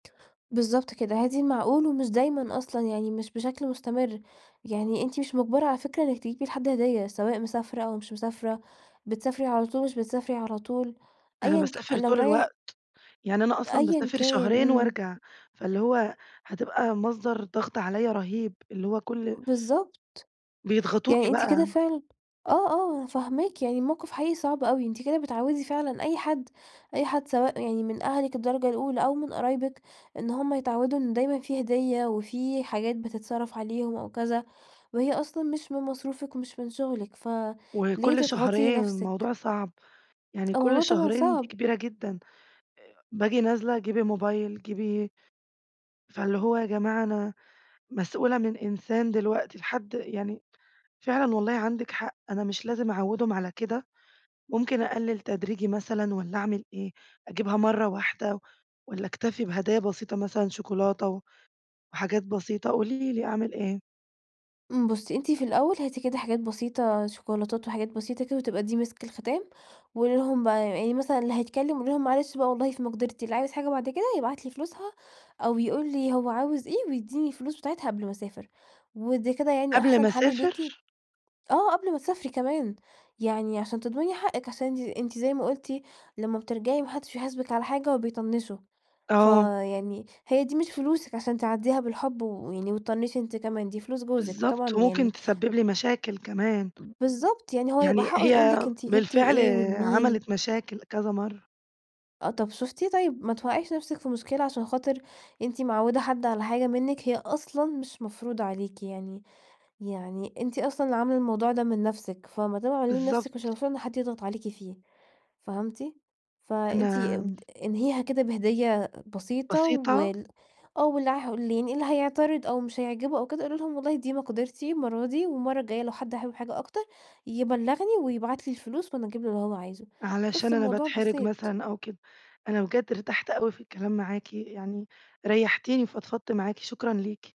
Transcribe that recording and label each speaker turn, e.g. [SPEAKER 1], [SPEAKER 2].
[SPEAKER 1] بالضبط كده، هاتي المعقول، ومش دايمًا أصلًا، يعني مش بشكل مستمر، يعني أنتِ مش مُجبرة على فكرة إنِّك تجيبي لحد هدية سواء مسافرة أو مش مسافرة، بتسافري على طول، مش بتسافري على طول،
[SPEAKER 2] أنا
[SPEAKER 1] أيًا ك
[SPEAKER 2] باسافر
[SPEAKER 1] لو
[SPEAKER 2] طول
[SPEAKER 1] رايح
[SPEAKER 2] الوقت، يعني أنا أصلًا
[SPEAKER 1] أيًا
[SPEAKER 2] باسافر
[SPEAKER 1] كان
[SPEAKER 2] شهرين
[SPEAKER 1] إمم.
[SPEAKER 2] وارجع، فاللي هو هتبقى مصدر ضغط عليّا رهيب اللي هو كل
[SPEAKER 1] بالضبط.
[SPEAKER 2] بيضغطوكِ
[SPEAKER 1] يعني أنتِ كده
[SPEAKER 2] بقى.
[SPEAKER 1] فعلًا آه، آه، أنا فاهماكِ، يعني المَوْقف حقيقي صعب أوي. أنتِ كده بتعوّدي فعلًا أي حد، أي حد سواء يعني من أهلِك الدرجة الأُولى أو من قرايبِك إن هُم يتعوّدوا إن دايمًا في هدية وفي حاجات بتتصرف عليهم أو كذا، وهي أصلًا مش من مصروفِك ومش من شغلِك، فليه
[SPEAKER 2] وكل
[SPEAKER 1] تضغطي
[SPEAKER 2] شهرين.
[SPEAKER 1] نَفْسِك؟
[SPEAKER 2] الموضوع صعب، يعني كل
[SPEAKER 1] الموضوع طبعًا
[SPEAKER 2] شهرين دي
[SPEAKER 1] صعب.
[SPEAKER 2] كبيرة جدًا. باجي نازلة، جيبي موبايل، جيبي فاللي هو يا جماعة أنا مسؤولة من إنسان دلوقتي لحد يعني فعلًا والله عندِك حق، أنا مش لازم أعوّدهم على كده، ممكن أقلّل تدريجي مثلًا والّا أعمل إيه؟ أجيبها مرّة واحدة والّا أكتفي بهدايا بسيطة مثلًا شكولاتة و وحاجات بسيطة. قولي لي أعمل إيه؟
[SPEAKER 1] إمم، بُصّي، أنتِ في الأول هاتي كده حاجات بسيطة شيكولاتات وحاجات بسيطة كده، وتبقى دي مِسك الختام، وقولي لهم بقى يعني مثلًا اللي هيتكلم قولي لهم: "معلش بقى والله في مقدرتي، اللي عايز حاجة بعد كده يبعت لي فلوسها، أو يقول لي هو عاوز إيه ويدّيني الفلوس بتاعتها قبل ما أسافر" ودي كده يعني
[SPEAKER 2] قبل ما
[SPEAKER 1] أحسن حَل ليكِ
[SPEAKER 2] أسافر؟
[SPEAKER 1] آه، قبل ما تسافري كمان، يعني عشان تضمني حقِك عشان أنتِ أنتِ زي ما قُلتِ لمّا بترجعي ما حدش بيحاسبِك على حاجة وبيطنشوا.
[SPEAKER 2] آه.
[SPEAKER 1] فيعني هي دي مش فلوسِك عشان تعدّيها بالحب و ويعني وتطنشي أنتِ كمان، دي فلوس جوزِك وطبعاً
[SPEAKER 2] بالضبط وممكن
[SPEAKER 1] يعني
[SPEAKER 2] تسبب لي مشاكل كمان.
[SPEAKER 1] بالضبط، يعني هو يبقى
[SPEAKER 2] يعني
[SPEAKER 1] حقّه يقول
[SPEAKER 2] هي
[SPEAKER 1] لِك: "أنتِ جبتِ
[SPEAKER 2] بالفعل
[SPEAKER 1] إيه؟ ولمين؟"
[SPEAKER 2] عملت مشاكل كذا مرّة.
[SPEAKER 1] آه، طَب شُفتِ، طيب ما توقعيش نَفْسِك في مشكلة عشان خاطر أنتِ معوّدة حد على حاجة منِّك، هي أصلًا مش مفروضة عليكِ يعني يعني أنتِ أصلًا اللي عاملة الموضوع ده من نَفْسِك فما دام عاملاه لنَفْسِك مش
[SPEAKER 2] بالضبط.
[SPEAKER 1] المفروض إن حد يضغط عليكِ فيه، فهمتِ؟ فأنتِ
[SPEAKER 2] أنا
[SPEAKER 1] أبد انهيها كده بهدية بسيطة
[SPEAKER 2] بسيطة؟
[SPEAKER 1] وال آه، واللي عه واللي يعني اللي هيعترض أو مش هيعجبه أو كده قولي لهم: "والله دي مقدرتي المرّة دي، والمرّة الجاية لو حد حابب حاجة أكتر يبلّغني ويبعت لي الفلوس وأنا أجيب له اللي هو عايزه"
[SPEAKER 2] علشان
[SPEAKER 1] بس
[SPEAKER 2] أنا
[SPEAKER 1] الموضوع
[SPEAKER 2] باتحرج
[SPEAKER 1] بسيط.
[SPEAKER 2] مثلًا أو كده. أنا بجد ارتحت أوي في الكلام معاكِ يعني ريحتيني فضفضت معاكِ، شكرًا ليكِ.